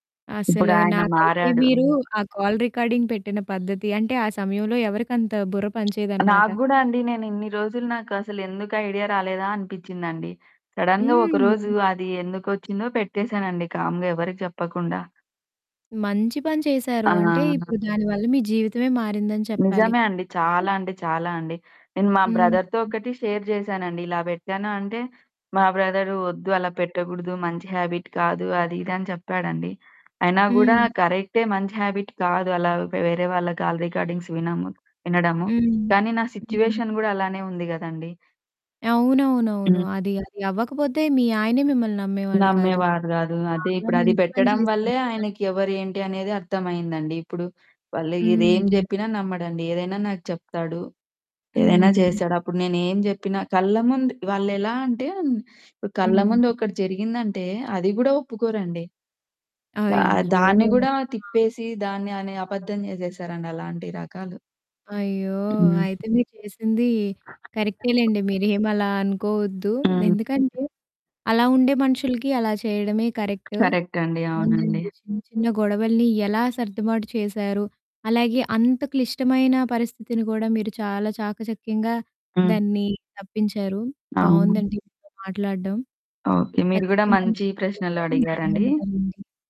అసలు ఇప్పుడాయన నాకైతే మారాడు. మీరు, ఆ కాల్ రికార్డింగ్ పెట్టిన పద్ధతి అంటే, ఆ సమయంలో ఎవరికంత బుర్ర పని చేయదన్నమాట. నాకు గూడా అండి. నేనిన్ని రోజులు, నాకసలెందుకు ఐడియా రాలేదా? అనిపించిందండి. సడెన్‌గా, ఒక రోజు హ్మ్. అది ఎందుకొచ్చిందో పెట్టేసానండి, కామ్‌గా ఎవరికీ చెప్పకుండా. మంచి పని చేశారు. ఆ! అంటే, ఇప్పుడు దానివల్ల మీ జీవితమే మారిందని చెప్పాలి. నిజమే అండి. చాలా అంటే, చాలా అండి. నేను మా హ్మ్. బ్రదర్‌తో ఒకటి షేర్ చేశానండి. ఇలా పెట్టాను అంటే, మా బ్రదరు, "వద్దు అలా పెట్టకూడదు, మంచి హాబిట్ కాదు అది ఇది" అని చెప్పాడండి. అయినా కూడా హ్మ్. కరెక్టే మంచి హాబిట్ కాదు, అలా వేరే వాళ్ళ కాల్ రికార్డింగ్స్ విన‌ము వినడము. హ్మ్. కానీ, నా హ్మ్. సిట్యుయేషన్ గూడా అలానే ఉంది గదండీ! అవునవునవును. హ్మ్. అది అదవ్వకపోతే మీ ఆయనే మిమ్మల్ని నమ్మేవాళ్ళు కాదు! నమ్మేవారు గాదు. అదే చాలా ఇప్పుడది మంచి పని పెట్టడం చేసారు వల్లే, నిజంగా. ఆయనకి ఎవరేంటి అనేది అర్థమయిందండి. ఇప్పుడు, వాళ్ళు ఇది ఏం హ్మ్. చెప్పినా నమ్మడండి, ఏదైనా నాకు చెప్తాడు. ఏదైనా హ్మ్. చేశాడు. అప్పుడు నేనేం చెప్పినా, కళ్ళ ముందు వాళ్ళెలా అంటే, కళ్ళ హ్మ్. ముందొకటి జరిగిందంటే, అది కూడా ఒప్పుకోరండి. ఆహ్, అయ్యో! దాన్ని ఆ! కూడా తిప్పేసి, దాన్ని అనే అబద్ధం చేసేసారండి అలాంటి రకాలు. అయ్యో! హ్మ్. అయితే, మీరు చేసింది కరెక్టేలెండి. మీరేమలా అనుకోవద్దు. హ్మ్. ఎందుకంటే, అలా ఉండే మనుషులకి అలా చేయడమే కరెక్టు. కరెక్ట్ అండి. అవునండి. చిన్న చిన్న గొడవల్ని ఎలా సర్దుబాటు చేశారు. అలాగే అంత క్లిష్టమైన పరిస్థితిని కూడా మీరు, చాలా చాకచక్యంగా హ్మ్. దాన్ని తప్పించారు. అవును. బావుందండి మీతో మాట్లాడడం. ఓకె. మీరు గూడా ఖచ్చితంగా మంచి మళ్ళి ప్రశ్నలు కలుద్దాము. అడిగారండి. ధన్యవాదాలండి.